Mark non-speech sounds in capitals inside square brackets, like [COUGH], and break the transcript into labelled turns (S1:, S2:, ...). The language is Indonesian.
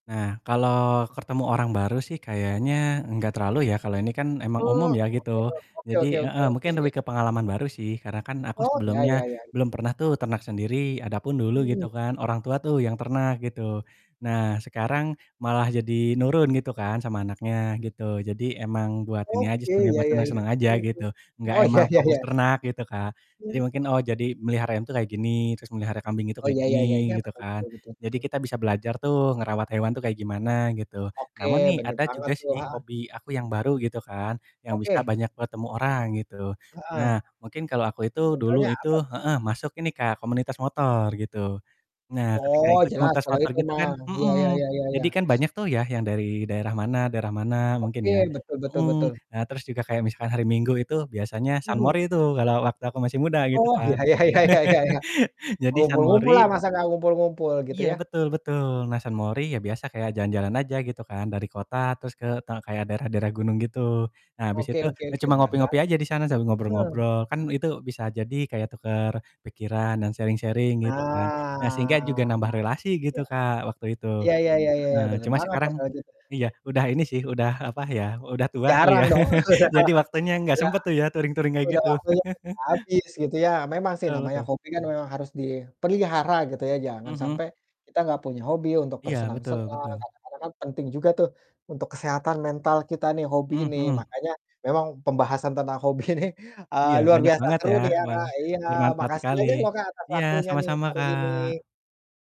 S1: Nah kalau ketemu orang baru sih kayaknya enggak terlalu ya kalau ini kan emang umum
S2: Mmm,
S1: ya gitu.
S2: [UNINTELLIGIBLE] Oke
S1: Jadi
S2: oke oke
S1: heeh,
S2: oke,
S1: mungkin
S2: iya.
S1: lebih ke pengalaman baru sih karena kan aku
S2: Oh, ya
S1: sebelumnya
S2: ya ya.
S1: belum pernah tuh ternak sendiri. Adapun dulu gitu
S2: Mhm.
S1: kan orang tua tuh yang ternak gitu. Nah sekarang malah jadi nurun gitu kan sama anaknya gitu, jadi emang buat ini aja
S2: Oke,
S1: sebenernya,
S2: ya
S1: buat
S2: ya ya.
S1: seneng-seneng aja gitu,
S2: Mhm,
S1: enggak
S2: oh,
S1: emang
S2: ya ya
S1: fokus
S2: ya.
S1: ternak gitu Kak, jadi
S2: Mmm.
S1: mungkin, "Oh jadi melihara ayam tuh kayak gini," terus melihara kambing itu
S2: Oh,
S1: kayak
S2: ya ya ya
S1: gini
S2: ya.
S1: gitu
S2: Betul
S1: kan.
S2: betul betul
S1: Jadi
S2: betul.
S1: kita bisa belajar tuh ngerawat hewan tuh kayak gimana gitu.
S2: Oke,
S1: Namun nih
S2: bener
S1: ada
S2: banget
S1: juga
S2: tuh,
S1: sih
S2: heeh.
S1: hobi aku yang baru gitu kan yang bisa
S2: Oke.
S1: banyak bertemu orang gitu.
S2: Heeh.
S1: Nah mungkin kalau aku itu dulu
S2: Contohnya
S1: itu
S2: apa tuh?
S1: heeh, masuk ini Kak komunitas motor gitu. Nah ketika
S2: Oh,
S1: ikut
S2: jelas
S1: komunitas
S2: kalau
S1: motor
S2: itu
S1: gitu kan
S2: mah, ya ya
S1: mhm,
S2: ya ya ya.
S1: jadi kan
S2: [SNIFFS]
S1: banyak tuh ya yang dari daerah mana daerah mana mungkin
S2: Oke,
S1: ya,
S2: betul betul
S1: mhm.
S2: betul.
S1: Nah terus juga kayak misalkan hari Minggu itu biasanya
S2: Mhm.
S1: sunmori itu kalau waktu aku masih muda gitu
S2: Oh,
S1: kan.
S2: ya ya ya ya ya ya.
S1: [LAUGHS] Jadi
S2: ngumpul-ngumpul lah,
S1: sunmori
S2: masa nggak ngumpul-ngumpul gitu
S1: Iya
S2: ya.
S1: betul betul, nah sunmori ya biasa kayak jalan-jalan aja gitu kan, dari kota terus ke ta kayak daerah-daerah gunung gitu. Nah habis
S2: Oke
S1: itu
S2: oke
S1: ya
S2: oke
S1: cuma
S2: benar
S1: ngopi-ngopi
S2: banget.
S1: aja di sana sambil
S2: Nah.
S1: ngobrol-ngobrol, kan itu bisa jadi kayak tukar pikiran dan sharing-sharing gitu kan. Nah
S2: Ah,
S1: sehingga juga nambah relasi gitu
S2: ya.
S1: Kak waktu itu,
S2: Iya iya iya iya iya,
S1: heeh,
S2: bener
S1: cuma
S2: banget
S1: sekarang
S2: Mas kalau gitu.
S1: iya, udah ini sih, udah apa ya, udah tua kali
S2: Jarang
S1: ya.
S2: dong.
S1: [CHUCKLES] Jadi
S2: [CHUCKLES]
S1: waktunya nggak
S2: Iya,
S1: sempet tuh ya touring-touring kayak
S2: udah
S1: gitu.
S2: waktunya
S1: [CHUCKLES]
S2: udah habis gitu ya. Memang sih
S1: Betul
S2: namanya
S1: betul.
S2: hobi kan memang harus dipelihara gitu ya, jangan
S1: Mhm.
S2: sampai kita nggak punya hobi untuk
S1: Iya, betul
S2: bersenang-senang,
S1: betul.
S2: kadang-kadang kan penting juga tuh untuk kesehatan mental kita nih, hobi
S1: Mmm,
S2: ini,
S1: hmm.
S2: makanya memang pembahasan tentang hobi ini, eee,
S1: Iya
S2: luar
S1: banyak
S2: biasa
S1: banget
S2: seru
S1: ya.
S2: nih ya
S1: Wah,
S2: Kak, iya,
S1: bermanfaat
S2: makasih
S1: sekali,
S2: banyak loh Kak atas
S1: iya
S2: waktunya nih
S1: sama-sama
S2: hari
S1: Kak.
S2: ini.